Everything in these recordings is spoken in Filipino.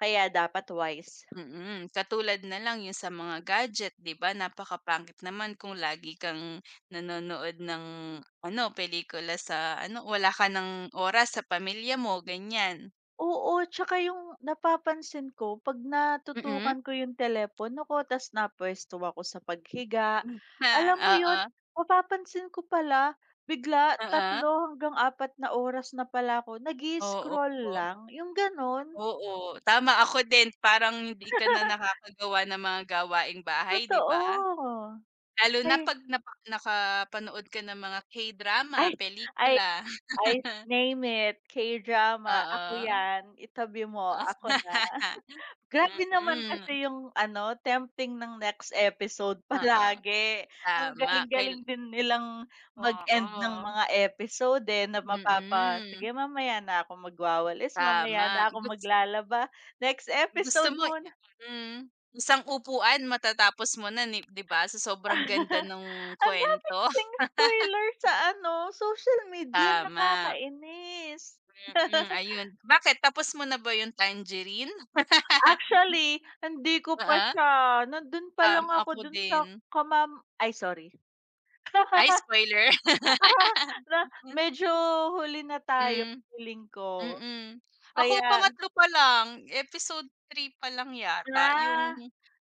Kaya dapat wise. Mm, katulad nalang 'yung sa mga gadget. 'Di ba, napakapangit naman kung lagi kang nanonood ng, ano, pelikula sa ano, wala ka nang oras sa pamilya mo, ganyan. Oo, 'tsaka 'yung napapansin ko 'pag Mm. natutukan ko 'yung telepono ko, tapos na puwesto ako sa paghiga, Hmm. alam mo 'yun Oo. mapapansin ko pala, bigla, Oo. 3, hanggang 4 na oras na pala ako Oo nag-i-scroll wo lang, 'yung gano'n. Oo, tama. Ako din parang hindi ka na nakakagawa ng mga gawaing bahay 'di ba? Totoo, Lalo na ay. 'pag napa nakapanood ka ng mga K-drama, Ay ay pelikula. ay name it, K-drama, ako Oo. 'yan. Itabi mo, Of. ako na. Grabe naman Mm. kasi 'yung ano tempting ng next episode Oo, palagi ang tama kay galing-galing din nilang mag-end ng Oo. mga episode, eh, na mapapa, Mm. "Sige, mamaya na ako magwawalis, mamaya Tama. na ako Gus maglalaba, next gusto episode mo muna." [unintelligible] isang upuan matatapos mo na ni 'di ba, sa sobrang ganda ng Ang dami kwento. kasing spoiler sa ano, social media Tama. nakakainis. Mm, ayun bakit tapos mo na ba 'yung Tangerine? Actually, hindi ko pa Oo. siya, nandun pa Tam lang ako ako dun sa din. kamam ay sorry. Ay, spoiler?! Na, medyo huli na tayo Hmm, feeling ko, mm. Ako kaya 3 pa lang, episode 3 pa lang yata 'yung, Ah.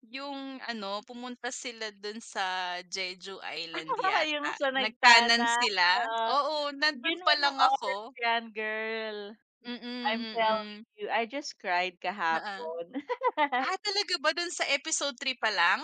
yung ano pumunta sila dun sa Jeju Island Ah, 'yung yata sa nagtanan nagtanan, sila? oo. Oo, nandun Bigyan mo pa ng lang oras ako. 'yan girl. Mm, I'm telling mm. you, I just cried Oo. kahapon. Wow, talaga ba doon sa episode 3 pa lang?!